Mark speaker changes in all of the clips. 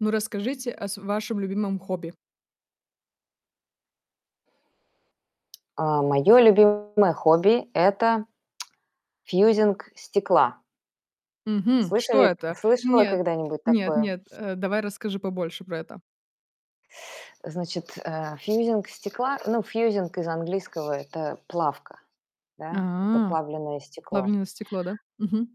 Speaker 1: Ну, расскажите о с вашем любимом хобби?
Speaker 2: А, моё любимое хобби- это фьюзинг стекла.
Speaker 1: Мгм. Что
Speaker 2: Слышали
Speaker 1: это?
Speaker 2: слышала
Speaker 1: Нет
Speaker 2: когда-нибудь
Speaker 1: нет
Speaker 2: такое?
Speaker 1: нет. Э, давай расскажи побольше про это.
Speaker 2: Значит, э, фьюзинг стекла, ну, фьюзинг из английского- это плавка, да? Это
Speaker 1: А,
Speaker 2: плавленое стекло.
Speaker 1: плавлена стекла, да? Мгм.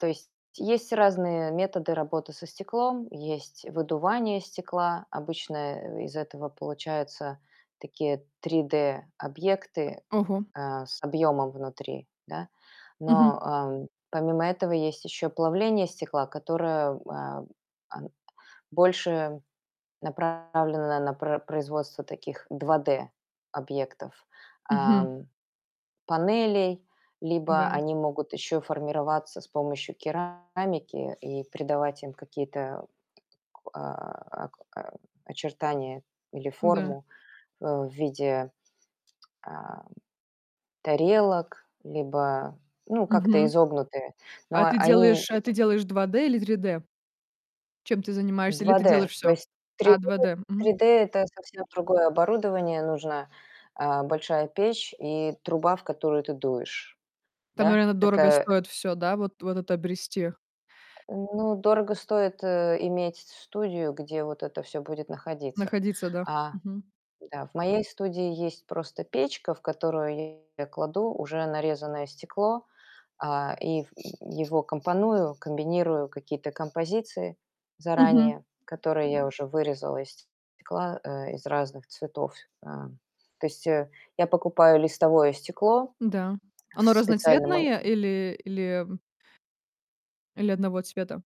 Speaker 2: То есть есть разные методы работы со стеклом: есть выдувание стекла, обычно, э, из этого получаются такие 3D объекты,
Speaker 1: Ого!
Speaker 2: э, с объёмом внутри, да. Но,
Speaker 1: Мгм.
Speaker 2: эм, помимо этого есть ещё плавление стекла, которое, э, а, больше направлено на про производство таких 2D объектов,
Speaker 1: Мгм.
Speaker 2: ам, панелей. Либо
Speaker 1: Н-да.
Speaker 2: они могут ещё формироваться с помощью керамики и придавать им какие-то, а, о очертания или
Speaker 1: Ну да.
Speaker 2: форму, э, в виде, а, тарелок либо, ну, как-то
Speaker 1: Мгм.
Speaker 2: изогнутые, но
Speaker 1: А ты
Speaker 2: они
Speaker 1: делаешь а ты делаешь 2D или 3D? Чем ты занимаешься? Или
Speaker 2: два
Speaker 1: ты
Speaker 2: дэ.
Speaker 1: делаешь
Speaker 2: То
Speaker 1: всё?
Speaker 2: есть три
Speaker 1: А,
Speaker 2: дэ
Speaker 1: 2D.
Speaker 2: три
Speaker 1: Мгм.
Speaker 2: дэ- это совсем другое оборудование нужно, э, большая печь и труба, в которую ты дуешь,
Speaker 1: Там,
Speaker 2: да,
Speaker 1: наверное, дорого
Speaker 2: такая
Speaker 1: стоит всё, да? Вот вот это обрести?
Speaker 2: Э, ну, дорого стоит, э, иметь с студию, где вот это всё будет находиться.
Speaker 1: Находиться, да.
Speaker 2: А
Speaker 1: Мгм.
Speaker 2: Да, в моей студии есть просто печка, в которую я кладу уже нарезанное стекло, а, и его компоную, комбинирую какие-то композиции
Speaker 1: Мгм.
Speaker 2: заранее, которые я уже вырезала из стекла, э, из разных цветов. Э, то есть, э, я покупаю листовое стекло
Speaker 1: Н-да.
Speaker 2: в
Speaker 1: Оно
Speaker 2: специальном ма
Speaker 1: разноцветное или или м Или одного цвета?